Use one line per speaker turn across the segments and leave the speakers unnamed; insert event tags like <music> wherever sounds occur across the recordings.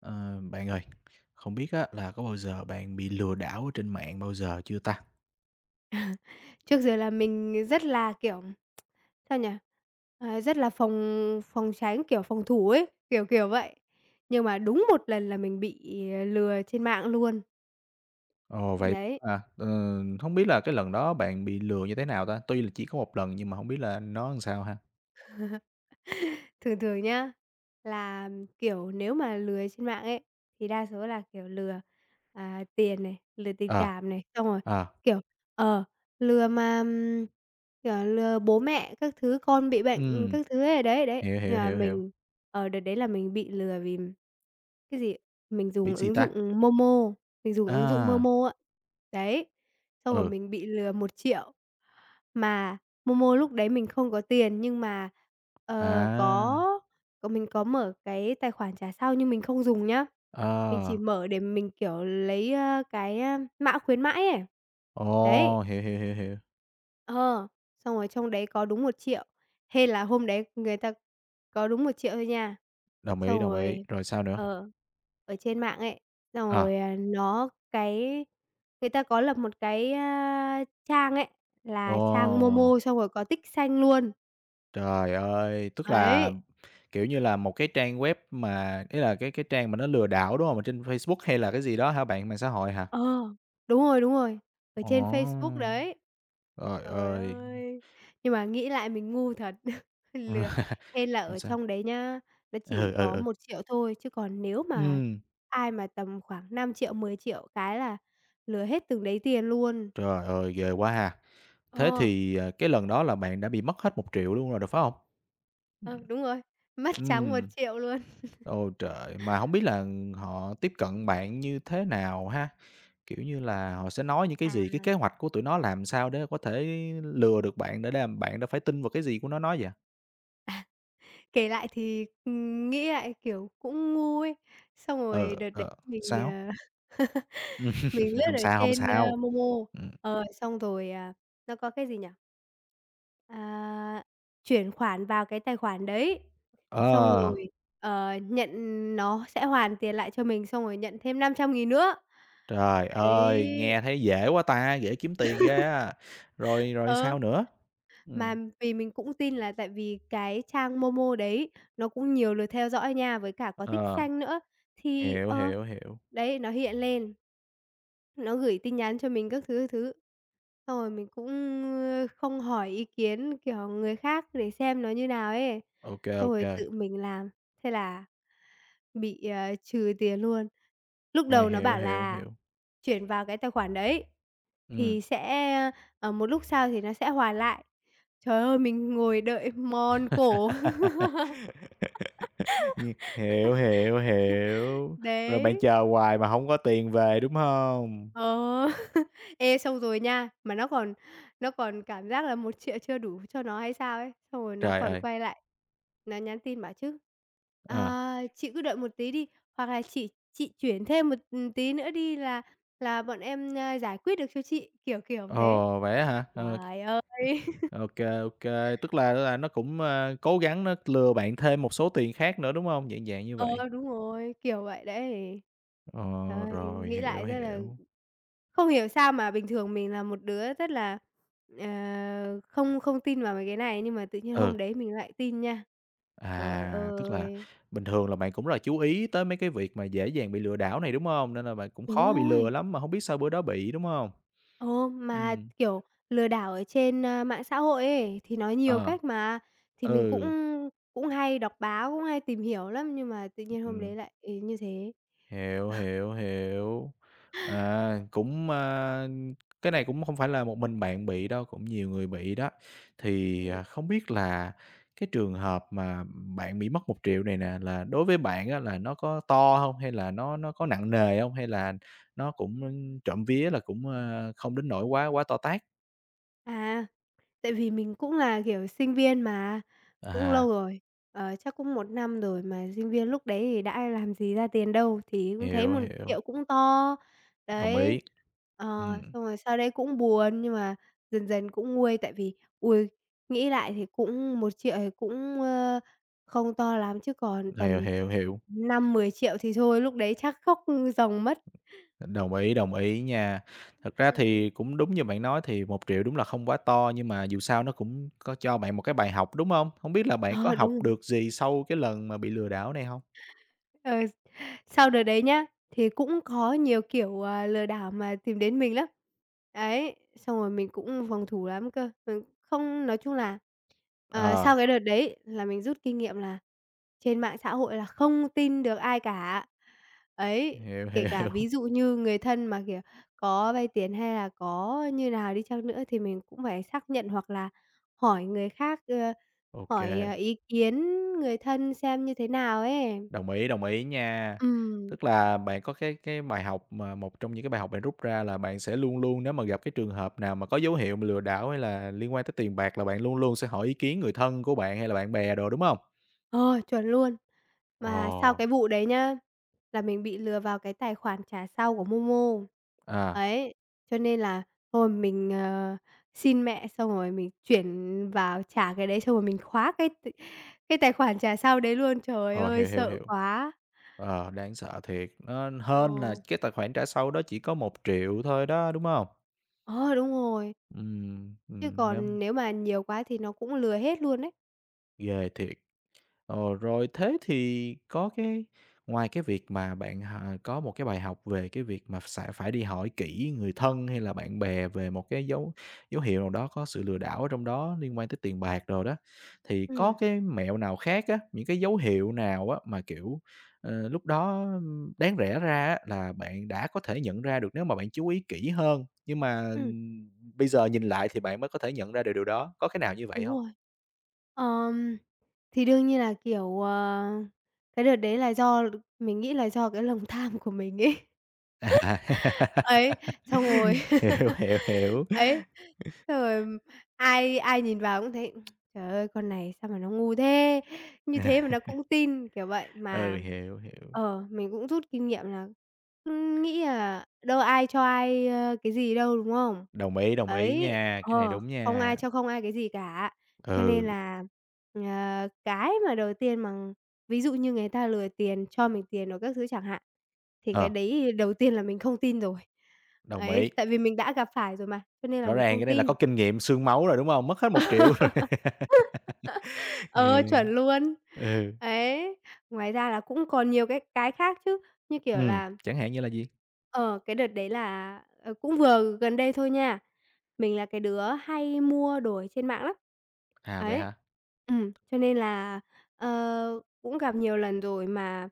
Ờ, bạn ơi, không biết á, là có bao giờ bạn bị lừa đảo ở trên mạng bao giờ chưa ta?
Ờ. Trước giờ là mình rất là kiểu, <tsk> sao nhỉ, à, rất là phòng phòng tránh, kiểu phòng thủ ấy, kiểu, kiểu vậy. Nhưng mà đúng 1 lần là mình bị lừa trên mạng luôn.
Ồ, vậy
Đấy.
à. Ờ, hông biết là cái lần đó bạn bị lừa như thế nào ta? Tuy là chỉ có 1 lần nhưng mà hổng biết là nó sao ha?
<chuckles> Thường thường nhá, là kiểu nếu mà lừa trên mạng ấy, thì đa số là kiểu lừa, à, tiền này, lừa tình
Ờ.
cảm này, xong rồi,
Ờ.
kiểu, ờ, lừa mà kiểu lừa bố mẹ các thứ, con bị bệnh
Ừm.
các thứ ấy, đấy, đấy.
Hiểu,
Nhưng
hiểu,
mà
hiểu, hiểu.
mình, ờ, đợt đấy là mình bị lừa vì cái gì? Mình
Bị
dùng
gì
ứng
ta?
dụng MoMo, mình dùng ứng dụng
À!
MoMo á, đấy, xong rồi
Ừ.
mình bị lừa 1.000.000. Mà MoMo lúc đấy mình không có tiền, nhưng mà, ờ, có
À!
mình có mở cái tài khoản trả sau nhưng mình không dùng nhá, mình chỉ
Ờ.
mở để mình kiểu lấy, ơ, cái, ơ, mã khuyến mãi ấy. Đấy.
Ồ, hiểu, hiểu, hiểu, hiểu.
Ờ, xong rồi trong đấy có đúng 1.000.000, hên là hôm đấy người ta có đúng 1.000.000 thôi nha.
Đồng ý,
Xong
đồng ý,
rồi,
rồi sao nữa?
ờ, ở trên mạng ấy, xong rồi,
Ờ.
à, nó cái người ta có lập một cái, a, trang ấy là trang
Ồ!
MoMo xong rồi có tích xanh luôn.
Trời ơi! Tức là,
Ấy.
kiểu như là, một cái trang web mà ý là cái cái trang mà nó lừa đảo, đúng hông? Ở trên Facebook hay là cái gì đó hả bạn, mạng xã hội hả?
Ờ, đúng rồi, đúng rồi, ở trên Facebook
Ồ!
đấy.
Trời
Trời
ơi.
ơi, nhưng mà nghĩ lại mình ngu thật, <chuckles> ờ, lừa,
<laughs>
hên là
Ừm,
ở
sao?
trong đấy nhá, nó chỉ
Ừ, ừ,
có
ừ.
1.000.000 thôi, chứ còn nếu mà
Ừm.
ai mà tầm khoảng 5.000.000, 10.000.000 cái là lừa hết từng đấy tiền luôn.
Trời ơi, ghê quá ha. Thế
Ờ.
thì, à, cái lần đó là bạn đã bị mất hết 1.000.000 luôn rồi đó, phải hông? Ừm.
Ờ, đúng rồi, mất trắng một
Ừm.
triệu luôn. <chuckles>
Ôi trời, mà hổng biết là, ừm, họ tiếp cận bạn như thế nào ha? Kiểu như là họ sẽ nói những cái gì, cái kế
À.
hoạch của tụi nó làm sao để có thể lừa được bạn để đàm bạn đã phải tin vào cái gì của nó nói vậy?
À, kể lại thì, ừm, nghĩ lại, kiểu, cũng ngu ấy, xong rồi
Ờ,
đợt đấy
ờ,
mình,
sao?
ờ, <laughs> mình
<laughs>
lướt
Không
ở
sao, không
trên, ơ,
sao.
MoMo,
Ừm.
ờ, xong rồi, à, nó có cái gì nhỉ? À, chuyển khoản vào cái tài khoản đấy, xong
Ờ.
rồi, ờ, nhận nó sẽ hoàn tiền lại cho mình xong rồi nhận thêm 500.000 nữa.
Trời ơi,
Đấy!
nghe thấy dễ quá ta, dễ kiếm tiền ghê
<laughs>
á! Rồi, rồi
Ờ.
sao nữa?
Mà
Ừm.
vì mình cũng tin là tại vì cái trang MoMo đấy nó cũng nhiều lượt theo dõi nha, với cả có tick
Ờ.
xanh nữa, thì,
Hiểu,
ờ,
hiểu, hiểu.
đấy, nó hiện lên. Nó gửi tin nhắn cho mình các thứ, các thứ, xong rồi mình cũng, ơ, không hỏi ý kiến, kiểu, người khác để xem nó như nào ấy,
Ô kê, ô
xong rồi
kê.
tự mình làm, thế là bị, à, trừ tiền luôn. Lúc
À,
đầu nó
hiểu,
bảo
hiểu,
là
hiểu.
chuyển vào cái tài khoản đấy
Ừm.
thì sẽ, ơ, ờ, một lúc sau thì nó sẽ hoàn lại. Trời ơi, mình ngồi đợi mòn cổ.
<laughs> Như hiểu, hiểu,
<laughs>
hiểu. Rồi bạn
Đấy.
chờ hoài mà hông có tiền về, đúng hông?
Ờ. <chuckles> Ê, xong rồi nha, mà nó còn nó còn cảm giác là 1.000.000 chưa đủ cho nó hay sao ấy. Xong rồi nó
Trời
còn
ơi!
quay lại, nó nhắn tin bảo chứ:
À.
"Ờ, chị cứ đợi một tí đi, hoặc là chị chị chuyển thêm một, ừm, tí nữa đi là là bọn em, a, giải quyết được cho chị." Kiểu, kiểu thế.
Ồ! Vậy á hả? Ờ.
Trời ơi! <laughs>
Ô kê, ô kê. Tức là là nó cũng, a, cố gắng nó lừa bạn thêm một số tiền khác nữa, đúng hông? Dạng dạng như
Ờ,
vậy.
đúng rồi, kiểu, vậy đấy.
Ờ,
Trời ơi,
rồi,
nghĩ
hiểu,
lại rất là
hiểu.
không hiểu sao mà bình thường mình là một đứa rất là, ờ, không không tin vào mấy cái này nhưng mà tự nhiên
Ừ.
hôm đấy mình lại tin nha. Trời
À, tức là
ơi!
bình thường là bạn cũng rất là chú ý tới mấy cái việc mà dễ dàng bị lừa đảo này, đúng hông? Nên là bạn cũng
Đúng
khó bị lừa
rồi!
lắm mà hông biết sao bữa đó bị, đúng hông?
Ồ! Mà,
Ừm.
kiểu, lừa đảo ở trên, ơ, mạng xã hội ấy thì nói nhiều
Ờ.
cách mà, thì mình cũng
Ừ.
cũng hay đọc báo, cũng hay tìm hiểu lắm nhưng mà tự nhiên hôm
Ừm.
đấy lại, ừ, như thế.
Hiểu,
Ờ.
hiểu, hiểu. À, cũng, a cái này cũng không phải là một mình bạn bị đâu, cũng nhiều người bị đó. Thì, à,
Ừm.
không biết là cái trường hợp mà bạn bị mất 1.000.000 này nè là đối với bạn á là nó có to hông, hay là nó nó có nặng nè hông? Hay là cũng <unintelligible> trộm vía là cũng, a, không đến nỗi quá quá to tát?
À, tại vì mình cũng là, kiểu, sinh viên mà. Cũng
À.
lâu rồi, ờ, chắc cũng 1 năm rồi, mà sinh viên lúc đấy thì đã làm gì ra tiền đâu. Thì cũng thấy
Hiểu,
một
hiểu.
triệu cũng to,
Đồng ý,
đấy, ờ,
ừm.
xong rồi sau đấy cũng buồn. Nhưng mà dần dần cũng nguôi, tại vì, ôi, nghĩ lại thì cũng 1.000.000 thì cũng, ơ, không to lắm, chứ còn
Hiểu,
tầm
hiểu, hiểu.
5.000.000-10.000.000 thì thôi, lúc đấy chắc khóc ròng mất.
Đồng ý, đồng ý nha. Thật ra
Ừm.
thì cũng đúng như bạn nói thì 1.000.000 đúng là không quá to, nhưng mà dù sao nó cũng có cho bạn một cái bài học, đúng hông? Hông biết là bạn có
Ờ, đúng
học
rồi.
được gì sau cái lần mà bị lừa đảo này hông?
Ờ, sau đợt đấy nhá, thì cũng có nhiều kiểu, ờ, lừa đảo mà tìm đến mình lắm. Đấy, xong rồi mình cũng phòng thủ lắm cơ. Mình không, nói chung là, ờ,
Ờ.
sau cái đợt đấy là mình rút kinh nghiệm là trên mạng xã hội là không tin được ai cả, ấy.
Hiểu,
Kể cả
hiểu.
ví dụ như người thân mà, kiểu, có vay tiền hay là có như nào đi chăng nữa, thì mình cũng phải xác nhận, hoặc là hỏi người khác, ơ,
Ô
hỏi, ờ,
kê.
ý kiến người thân xem như thế nào ấy.
Đồng ý, đồng ý nha.
Ừm.
Tức là bạn có cái cái bài học, mà một trong những cái bài học bạn rút ra là bạn sẽ luôn luôn, nếu mà gặp cái trường hợp nào mà có dấu hiệu lừa đảo hay là liên quan tới tiền bạc, là bạn luôn luôn sẽ hỏi ý kiến người thân của bạn hay là bạn bè đồ, đúng hông?
Ờ, chuẩn luôn! Mà sau
Ờ.
cái vụ đấy nhá, là mình bị lừa vào cái tài khoản trả sau của MoMo.
À.
Đấy, cho nên là thôi, mình, ờ, xin mẹ xong rồi mình chuyển vào trả cái đấy, xong rồi mình khóa cái t cái tài khoản trả sau đấy luôn. Trời
Ờ,
ơi,
hiểu, hiểu,
sợ
hiểu.
quá!
Ờ, đáng sợ thiệt. Nó hên là
Ờ.
cái tài khoản trả sau đó chỉ có 1.000.000 thôi đó, đúng hông?
Ờ, đúng rồi.
Ừm,
Chứ
ừm,
còn
đúng.
nếu mà nhiều quá thì nó cũng lừa hết luôn ấy.
Ghê thiệt. Ờ, rồi thế thì có cái ngoài cái việc mà bạn, à, có một cái bài học về cái việc mà sẽ phải đi hỏi kỹ người thân hay là bạn bè về một cái dấu dấu hiệu nào đó có sự lừa đảo ở trong đó, liên quan tới tiền bạc rồi đó, thì có
Ừm.
cái mẹo nào khác á, những cái dấu hiệu nào á mà, kiểu, ờ, lúc đó, ừm, đáng rẽ ra á là bạn đã có thể nhận ra được nếu mà bạn chú ý kỹ hơn, nhưng mà,
Ừm.
ừm, bây giờ nhìn lại thì bạn mới có thể nhận ra được điều đó, có cái nào như vậy
Đúng
hông?
rồi. Ờm, thì đương nhiên là, kiểu, ờ, cái đợt đấy là do l mình nghĩ là do cái lòng tham của mình ấy.
À.
<laughs>
<laughs>
Ấy, xong rồi.
Hiểu, hiểu,
<laughs>
hiểu.
Ấy, xong rồi, ừm, ai ai nhìn vào cũng thấy: <tsk> "Trời ơi, con này sao mà nó ngu thế, như thế mà nó
<laughs>
cũng tin." Kiểu vậy,
Ừ,
mà
hiểu, hiểu.
ờ, mình cũng rút kinh nghiệm là cứ nghĩ là đâu có ai cho ai, ơ, cái gì đâu, đúng không?
Đồng ý, đồng ý
Ấy,
nha, cái này
ờ,
đúng
không ai
nha.
cho không ai cái gì cả. Cho nên
Ừ.
là, ờ, cái mà đầu tiên mà ví dụ như người ta lừa tiền, cho mình tiền rồi các thứ chẳng hạn, thì cái
Ờ.
đấy đầu tiên là mình không tin rồi.
Đồng
Ấy,
ý.
tại vì mình đã gặp phải rồi mà, cho nên là
Rõ
mình
ràng
không
cái này là có
tin.
kinh nghiệm xương máu rồi, đúng hông? Mất hết 1.000.000 rồi.
<laughs>
<laughs>
Ờ,
Thề,
chuẩn luôn!
ừ.
Ấy, ngoài ra là cũng còn nhiều cái cái khác chứ, như kiểu
Ừm,
là
chẳng hạn như là gì?
Ờ, cái đợt đấy là, ờ, cũng vừa gần đây thôi nha. Mình là cái đứa hay mua đồ trên mạng lắm.
À, vậy
Ấy,
hả?
ừm, cho nên là, ờ, cũng gặp nhiều lần rồi mà,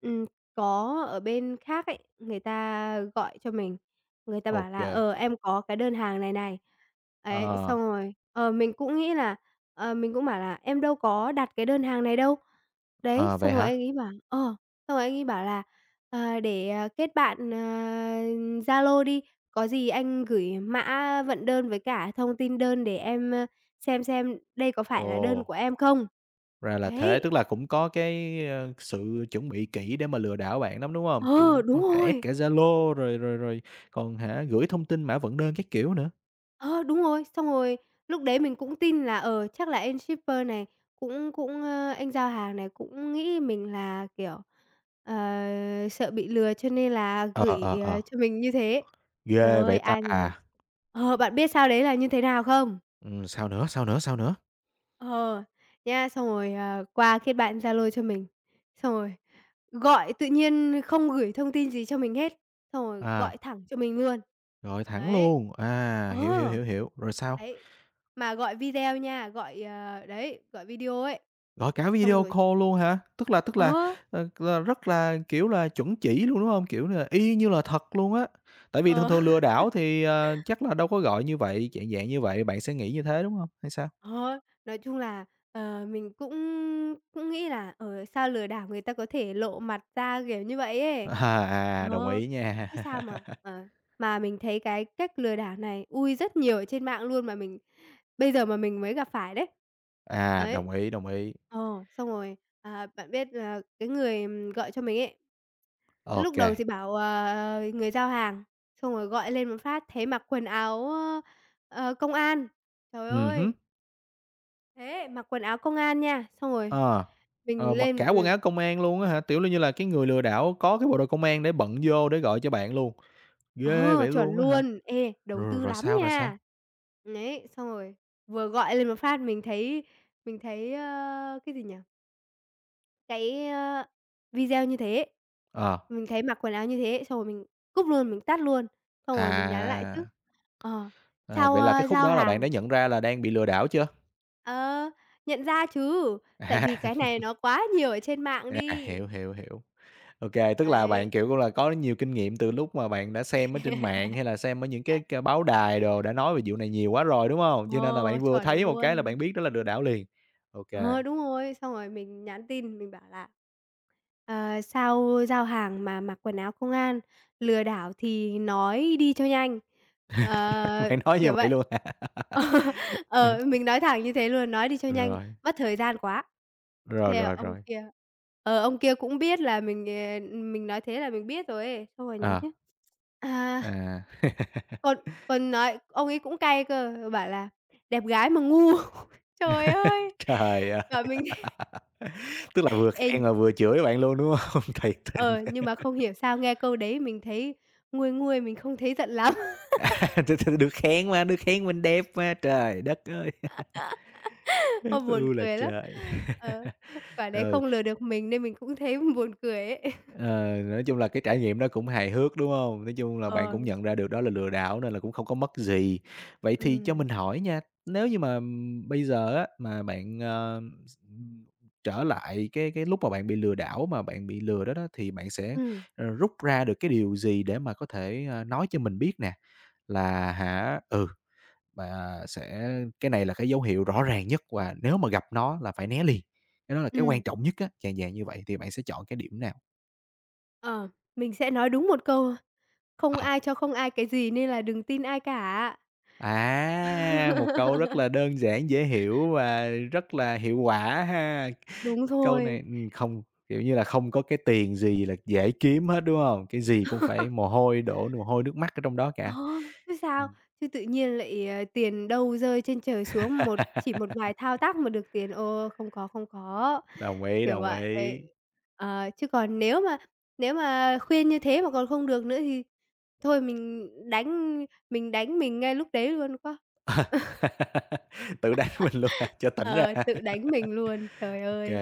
ừm, có ở bên khác ấy, người ta gọi cho mình, người ta
Ô
bảo là
kê.
"Ờ, em có cái đơn hàng này này." Ấy,
Ờ.
xong rồi, ờ, mình cũng nghĩ là ờ, mình cũng bảo là "Em đâu có đặt cái đơn hàng này đâu." Đấy,
Ờ,
xong
vậy
rồi
hả?
anh ấy bảo ờ, xong rồi anh ấy bảo là "Ờ, để kết bạn, ờ, Zalo đi, có gì anh gửi mã vận đơn với cả thông tin đơn để em, ơ, xem xem đây có phải là đơn
Ồ.
của em không?"
Ra là thế,
Đấy.
tức là cũng có cái, ơ, sự chuẩn bị kỹ để mà lừa đảo bạn lắm, đúng hông? Kiểu,
Ờ, đúng
có cả add
rồi!
cả Zalo rồi rồi rồi còn hả gửi thông tin mã vận đơn các kiểu nữa.
Ờ, đúng rồi. Xong rồi, lúc đấy mình cũng tin là, ờ, chắc là anh shipper này cũng cũng, ơ anh giao hàng này cũng nghĩ mình là, kiểu, ờ, sợ bị lừa cho nên là
Ờ,
gửi,
ờ,
ờ,
ờ.
cho mình như thế. Trời
Ghê
ơi,
vậy ta
ai ngờ.
à.
Ờ, bạn biết sau đấy là như thế nào không?
Ừm, sao nữa? Sao nữa? Sao nữa?
Ờ. Nha, xong rồi, ờ, qua kết bạn Zalo cho mình, xong rồi gọi tự nhiên không gửi thông tin gì cho mình hết, xong rồi gọi
À.
thẳng cho mình luôn.
Gọi thẳng
Đấy.
luôn. À,
Ờ.
hiểu, hiểu, hiểu, hiểu. Rồi sao?
Đấy, mà gọi video nha, gọi, ờ, đấy, gọi video ấy.
Gọi cả
Xong
video
rồi
call luôn hả? Tức là tức là,
Ờ.
ờ, r rất là, kiểu là, chuẩn chỉ luôn, đúng hông? Kiểu là y như là thật luôn á, tại vì thường
Ờ.
thường lừa đảo thì,
<chuckles>
à, chắc là đâu có gọi như vậy? Chạng dạng như vậy, bạn sẽ nghĩ như thế, đúng hông? Hay sao?
Ờ. Nói chung là, ờ, mình cũng cũng nghĩ là, ờ, sao lừa đảo người ta có thể lộ mặt ra, kiểu như vậy ấy.
Ờ, à, đồng
Ờ.
ý nha.
Thế sao mà,
<chuckles>
ờ, mà mình thấy cái cách lừa đảo này ui rất nhiều ở trên mạng luôn mà mình bây giờ mà mình mới gặp phải đấy.
À,
Ấy.
đồng ý, đồng ý.
Ờ, xong rồi, à, bạn biết là cái người, ừm, gọi cho mình ấy,
Ô
lúc
kê.
đầu thì bảo, ờ, người giao hàng, xong rồi gọi lên một phát thấy mặc quần áo á, ơ, ờ, công an, trời
Ừm
ơi.
hứm.
Thế, mặc quần áo công an nha, xong rồi
Ờ.
mình
Ờ, mặc cả
lên
quần
l
áo công an luôn á hả, tiểu là như là cái người lừa đảo có cái bộ đội công an để bận vô để gọi cho bạn luôn. Ghê
Ờ,
vậy
chuẩn
luôn á hả,
luôn. Ê, đầu
rồi rồi
tư
rồi
lắm
sao, rồi
nha.
sao?
Đấy, xong rồi vừa gọi lên một phát mình thấy mình thấy, a, cái gì nhỉ? Cái, ơ, video như thế ấy,
Ờ.
mình thấy mặc quần áo như thế, xong rồi mình cúp luôn, mình tắt luôn, xong rồi mình nhắn lại chứ,
À.
ờ,
À,
sau,
vậy là cái
ơ,
khúc
giao
đó là bạn đã
hàng
nhận ra là đang bị lừa đảo chưa?
Ờ, nhận ra chứ, tại
À.
vì cái này
<chuckles>
nó quá nhiều ở trên mạng
À,
đi.
hiểu, hiểu, hiểu. Ô kê, tức là bạn,
Ấy.
kiểu, cũng là có nhiều kinh nghiệm từ lúc mà bạn đã xem ở trên mạng
<laughs>
hay là xem ở những cái c báo đài đồ đã nói về vụ này nhiều quá rồi, đúng hông? Cho nên là
Ồ,
bạn vừa
chuẩn
thấy một cái là
luôn.
bạn biết đó là lừa đảo liền. Ô kê.
Ờ, đúng rồi. Xong rồi mình nhắn tin, mình bảo là "Ờ, sao giao hàng mà mặc quần áo công an, lừa đảo thì nói đi cho nhanh."
<laughs>
Ờ,
Bạn nói như
kiểu
vậy
vậy.
luôn hả?
Ờ,
<laughs>
ờ, mình nói thẳng như thế luôn, nói đi cho nhanh,
Rồi.
mất thời gian quá.
Rồi,
Thế
rồi,
ông
rồi.
kia ờ, ông kia cũng biết là mình, ờ, ừm, mình nói thế là mình biết rồi ấy, xong rồi nhắn
Ờ.
chứ. À.
À. <laughs>
Còn còn nói ông ấy cũng cay cơ, bảo là đẹp gái mà ngu. Trời ơi.
<chuckles> Trời ơi!
Bảo mình thế.
<laughs> Tức là vừa khen
<unintelligible>
và vừa chửi bạn luôn, đúng hông? Thiệt tình.
Ờ, nhưng mà không
<laughs>
hiểu sao nghe câu đấy mình thấy nguôi nguôi mình không thấy giận lắm. <laughs>
À, thực sự được khen mà, được khen mình đẹp mà. Trời đất ơi!
<laughs> Ôi,
<laughs>
buồn
U là
cười lắm.
trời.
Ờ,
<chuckles>
quả đấy
Ừ.
không lừa được mình nên mình cũng thấy buồn cười ấy. <chuckles>
Ờ, nói chung là cái trải nghiệm đó cũng hài hước, đúng hông? Nói chung là bạn
Ờ.
cũng nhận ra được đó là lừa đảo nên là cũng không có mất gì. Vậy thì cho
Ừm.
mình hỏi nha, nếu như mà, ừm, bây giờ á, mà bạn, ờ, x ừm, trở lại cái cái lúc mà bạn bị lừa đảo mà bạn bị lừa đó đó thì bạn sẽ,
Ừm.
ờ, rút ra được cái điều gì để mà có thể, ơ, nói cho mình biết nè, là hả, ừ mà sẽ cái này là cái dấu hiệu rõ ràng nhất và nếu mà gặp nó là phải né liền, cái đó là cái quan
Ừm.
trọng nhất á, dạng dạng như vậy thì bạn sẽ chọn cái điểm nào?
Ờ, mình sẽ nói đúng 1 câu: "Không
À.
ai cho không ai cái gì nên là đừng tin ai cả."
À, một câu rất
<laughs>
là đơn giản, dễ hiểu và rất là hiệu quả ha.
Đúng
Câu này,
rồi.
ừm không, kiểu như là không có cái tiền gì là dễ kiếm hết, đúng hông? Cái gì cũng phải
<laughs>
mồ hôi đổ mồ hôi nước mắt ở trong đó
Ờ,
cả.
chứ sao.
Ừm.
Chứ tự nhiên lại, ờ, tiền đâu rơi trên trời xuống một chỉ một vài thao
<laughs>
tác mà được tiền, ô, không có, không có,
Đồng ý,
kiểu
đồng
vậy.
ý.
Ờ, chứ còn nếu mà nếu mà khuyên như thế mà còn không được nữa thì thôi mình đánh mình đánh mình ngay lúc đấy luôn quá.
<laughs> Tự đánh mình luôn hả?
<laughs>
Cho tỉnh ra.
Ờ, tự đánh mình luôn, trời
<laughs> OK.
ơi,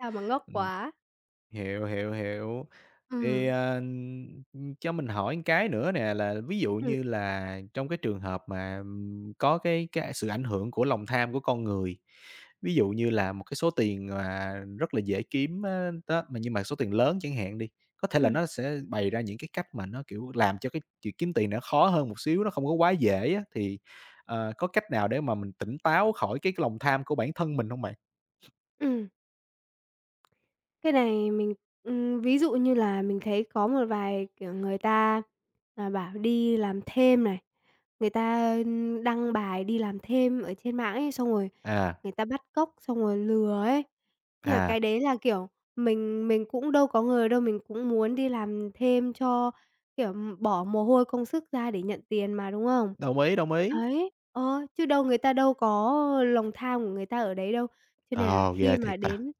sao mà ngốc
Ừm,
quá.
hiểu, hiểu, hiểu. Thì,
Ừm.
ờ, ừm, cho mình hỏi một cái nữa nè, là ví dụ
Ừm.
như là trong cái trường hợp mà, ừm, có cái cái, a, sự ảnh hưởng của lòng tham của con người. Ví dụ như là một cái số tiền mà rất là dễ kiếm á, đó, nhưng mà số tiền lớn chẳng hạn đi, có thể là
Ừm.
nó sẽ bày ra những cái cách mà nó, kiểu, làm cho cái việc kiếm tiền nó khó hơn một xíu, nó không có quá dễ á. Thì, ờ, có cách nào để mà mình tỉnh táo khỏi cái lòng tham của bản thân mình hông bạn?
Ừm. Cái này mình ừm, ví dụ như là mình thấy có một vài, kiểu, người ta, à, bảo đi làm thêm này, người ta, ưm, đăng bài đi làm thêm ở trên mạng ấy, xong rồi
À.
người ta bắt cóc, xong rồi lừa ấy. Nhưng mà
À.
cái đấy là, kiểu, mình mình cũng đâu có ngờ đâu, mình cũng muốn đi làm thêm cho, kiểu, bỏ mồ hôi, công sức ra để nhận tiền mà, đúng không?
Đồng ý, đồng ý.
Ấy, ờ, chứ đâu người ta đâu có lòng tham của người ta ở đấy đâu. Cho nên là
Ờ, ghê
khi
thiệt
mà
ta,
đến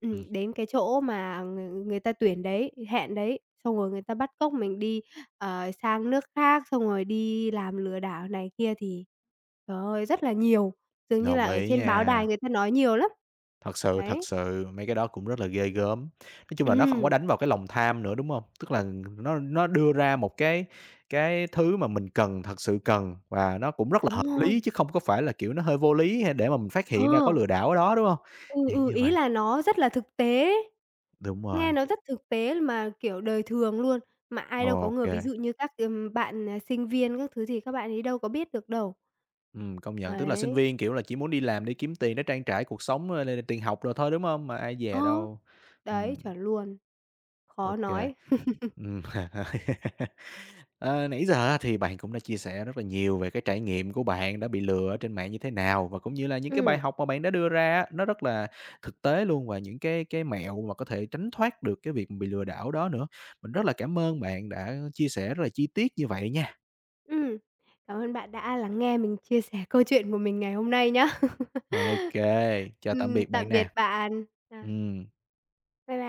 ừm
ừm.
đến cái chỗ mà ng người ta tuyển đấy, hẹn đấy, xong rồi người ta bắt cóc mình đi, ờ, sang nước khác, xong rồi đi làm lừa đảo này kia, thì, trời ơi, rất là nhiều, dường như là
Đồng
ở
ý
trên báo đài
nha.
người ta nói nhiều lắm,
Thật sự, thật
đấy.
sự mấy cái đó cũng rất là ghê gớm. Nói chung là nó không có
Ừm.
đánh vào cái lòng tham nữa, đúng hông? Tức là nó nó đưa ra một cái cái thứ mà mình cần, thật sự cần và nó cũng rất là
Đúng
hợp
rồi!
lý chứ không có phải là, kiểu, nó hơi vô lý, hay để mà mình phát hiện ra có
Ờ!
lừa đảo ở đó, đúng không?
Ừ,
Dạng
ừ,
như
ý
vậy.
là nó rất là thực tế.
Đúng
Nghe
rồi.
nó rất thực tế mà, kiểu, đời thường luôn, mà ai đâu có
Ô
người ví
kê.
dụ như các cái, ừm, bạn, ờ, sinh viên các thứ thì các bạn ấy đâu có biết được đâu.
Ừm, công nhận, tức là sinh
Ấy.
viên, kiểu là, chỉ muốn đi làm để kiếm tiền để trang trải cuộc sống, rồi là là tiền học đồ thôi, đúng hông? Mà ai
Ờ,
dè đâu.
đấy,
ừm.
chuẩn luôn,
Ô
khó
kê,
nói. <laughs>
ừm. <laughs> Ờ, nãy giờ á thì bạn cũng đã chia sẻ rất là nhiều về cái trải nghiệm của bạn đã bị lừa ở trên mạng như thế nào, và cũng như là những cái
Ừm.
bài học mà bạn đã đưa ra á, nó rất là thực tế luôn và những cái cái mẹo mà có thể tránh thoát được cái việc bị lừa đảo đó nữa. Mình rất là cảm ơn bạn đã chia sẻ rất là chi tiết như vậy nha.
Ừm, cảm ơn bạn đã lắng nghe mình chia sẻ câu chuyện của mình ngày hôm nay nhá.
Ô
<laughs>
kê, chào tạm
Ừm,
biệt bạn
tạm biệt
nè.
bạn. Ờ.
Ừm.
Bye by